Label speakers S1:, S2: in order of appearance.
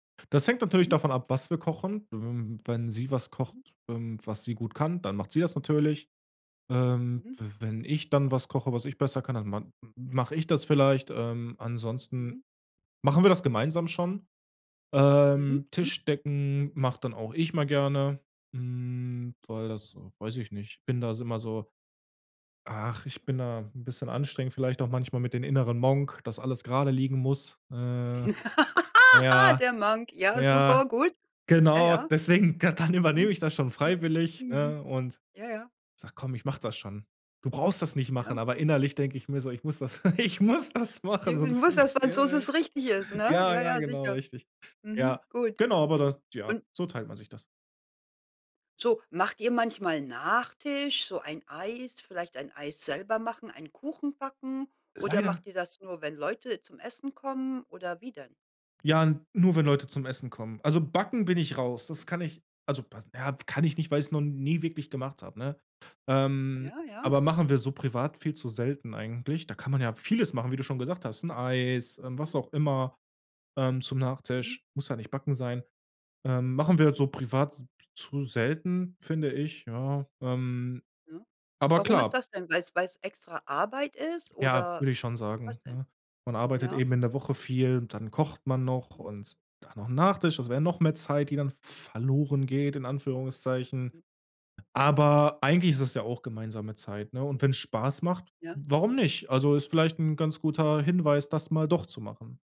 S1: Das hängt natürlich
S2: Mhm.
S1: davon ab, was wir kochen. W wenn sie was kocht,
S2: Mhm.
S1: ähm, was sie gut kann, dann macht sie das natürlich. Ähm,
S2: Mhm.
S1: w wenn ich dann was koche, was ich besser kann, dann man mach ich das vielleicht. Ähm, ansonsten
S2: Mhm.
S1: machen wir das gemeinsam schon.
S2: Mhm,
S1: Ähm,
S2: mhm.
S1: Tisch decken mach dann auch ich mal gerne, hm, weil das weiß ich nicht bin das immer so ach, ich bin da 'n bisschen anstrengend vielleicht auch manchmal mit den inneren Monk, dass alles gerade liegen muss, ne ja,
S2: Der Monk. Ja,
S1: ja,
S2: super, gut. Ja,
S1: genau,
S2: ja.
S1: deswegen ka dann übernehme
S2: Mhm.
S1: ich das schon
S2: Mhm.
S1: freiwillig, ne?
S2: Mhm.
S1: Und
S2: Ja, ja.
S1: sag: „Komm, ich mach das schon. Du brauchst das nicht machen.”
S2: Ja,
S1: Aber
S2: gut.
S1: innerlich denke ich mir so: „Ich muss das ich muss das
S2: Ja,
S1: machen,
S2: d
S1: sonst
S2: musst
S1: ist
S2: das, weil so
S1: der“
S2: es richtig ist, ne?
S1: Ja,
S2: Ja,
S1: ja,
S2: ja,
S1: genau,
S2: sicher.
S1: richtig.
S2: Mhm,
S1: Ja,
S2: gut.
S1: genau, aber das Ja,
S2: Und
S1: so teilt man sich das.
S2: So, macht ihr manchmal Nachtisch, so ein Eis? Vielleicht ein Eis selber machen, einen Kuchen backen? Oder
S1: Leider
S2: macht ihr das nur, wenn Leute zum Essen kommen oder wie denn?
S1: Ja, n nur wenn Leute zum Essen kommen. Also Backen bin ich raus. Das
S2: Aha.
S1: kann ich, also Ba ja, kann ich nicht, weil ich's noch nie wirklich gemacht hab, ne? Ähm,
S2: Ja, ja.
S1: aber machen wir so privat viel zu selten eigentlich. Da kann man ja vieles machen, wie du schon gesagt hast, 'n Eis, ähm, was
S2: Mhm.
S1: auch immer, ähm, zum
S2: Mhm.
S1: Nachtisch, muss ja nicht Backen sein. Ähm, machen wir
S2: Mhm.
S1: so privat s zu selten, finde ich, ja, ähm
S2: Ne?
S1: Aber
S2: Warum ist
S1: klar
S2: das denn? Weil's weil's extra Arbeit ist
S1: Ja,
S2: oder
S1: würde ich schon sagen,
S2: was denn?
S1: ne? Man arbeitet
S2: Ja.
S1: eben in der Woche
S2: Mhm.
S1: viel und dann kocht man noch.
S2: Mhm.
S1: Und dann noch 'n Nachtisch, das wär noch mehr Zeit, die dann v verloren geht in Anführungszeichen.
S2: Mhm.
S1: Aber eigentlich ist es ja auch gemeinsame Zeit, ne? Und wenn's Spaß macht,
S2: Ja,
S1: warum
S2: sicher.
S1: nicht? Also, ist vielleicht 'n ganz
S2: [unintelligible]
S1: guter Hinweis, das mal doch zu machen.